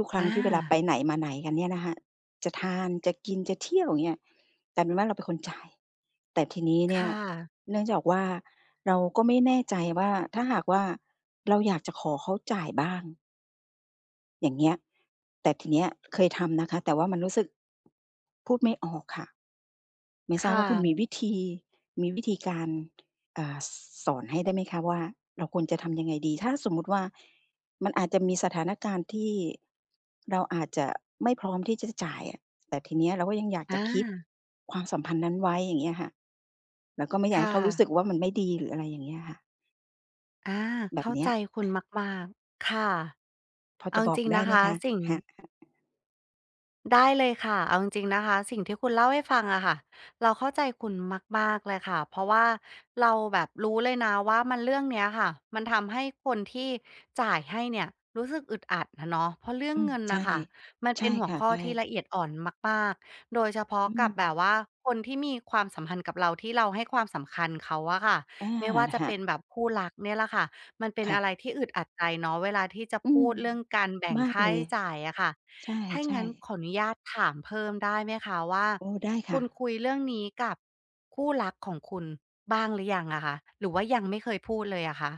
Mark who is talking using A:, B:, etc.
A: ทุก ๆ ครั้งที่เวลาไป
B: อา
A: ไหนมาไหนกันเนี่ยนะคะ จะทาน จะกิน จะเที่ยว อย่างเงี้ย กลายเป็นว่า เราเป็นคนจ่าย แต่ทีนี้เน
B: ค
A: ี่ย
B: ่ะ
A: เนื่องจากว่า เราก็ไม่แน่ใจว่า ถ้าหากว่า เราอยากจะขอเขาจ่ายบ้าง อย่างเงี้ย แต่ทีเนี้ยเคยทำนะคะ แต่ว่ามันรู้สึก พูดไม่ออกค่ะ ไม่ท
B: ค
A: ราบ
B: ่
A: ว่าคุณม
B: ะ
A: ีวิธี มีวิธีการ เอ่อ สอนให้ได้ไหมคะว่า เราควรจะทำยังไงดี ถ้าสมมติว่ามันอาจจะมีสถานการณ์ที่ เราอาจจะไม่พร้อมที่จะจ่ายอะ แต่ทีนี้เราก็ยังอยากจ
B: อ
A: ะ keep
B: า
A: ความสัมพันธ์นั้นไว้ อย่างเงี้ยค่ะ แล้วก็ไม่อย
B: ค
A: ากให
B: ่
A: ้เขารู้ส
B: ะ
A: ึกว่า มันไม่ดีหรืออะไรอย่างเงี้ยค่ะ?
B: อา
A: แบ
B: เข
A: บ
B: ้า
A: เนี้
B: ใ
A: ย
B: จคุณมาก ๆ ค่ะ
A: พอ
B: เอ
A: จ
B: า
A: ะบอ
B: จ
A: ก
B: ริง
A: ได
B: น
A: ้
B: ะ
A: ไหม
B: คะ
A: คะ?
B: สิ่ง
A: ค่ะ ๆ
B: ได้เลยค่ะ เอาจริง ๆ นะคะ สิ่งที่คุณเล่าให้ฟังอะค่ะ เราเข้าใจคุณมาก ๆ เลยค่ะ เพราะว่าเราแบบรู้เลยนะว่ามัน เรื่องเนี้ยค่ะ มันทำให้คนที่จ่ายให้เนี่ยรู้สึกอึดอัดอะเนาะ เพราะเรื่อ
A: อื
B: ง
A: ม
B: เงิน
A: ใช
B: น่
A: ่
B: ะค่ะ มัน
A: ใช
B: เป
A: ่
B: ็นหั
A: ค
B: ว
A: ่ะ
B: ข้
A: ใ
B: อ
A: ช
B: ที่
A: ่
B: ละเอียดอ่อนมาก ๆ โดยเฉพาะ
A: อื
B: กับแบ
A: ม
B: บว่าคนที่มีความสัมพันธ์กับเรา ที่เราให้ความสำคัญเขาอะค่ะ
A: อา
B: ไม่ว่าจะ
A: ค่ะ
B: เป็นแบบคู่รักเนี่ยล่ะค่ะ มันเป็น
A: ค่
B: อะไร
A: ะ
B: ที่อึดอัดใจเนาะเวลาที่จะ
A: อื
B: พู
A: ม
B: ดเรื่องการแบ่ง
A: มา
B: ค
A: ก
B: ่า
A: เล
B: ใช
A: ย
B: ้จ่ายอะค่ะ
A: ใช
B: ถ้าอย่าง
A: ่
B: งั้น
A: ๆ
B: ขออนุญาตถามเพิ่มได้ไหมคะว่า
A: โอ้ ได้ค
B: ค
A: ่
B: ุ
A: ะ
B: ณคุยเรื่องนี้กับคู่รักของคุณบ้างหรือยังอะคะ หรือว่ายังไม่เคยพูดเลยอะคะ?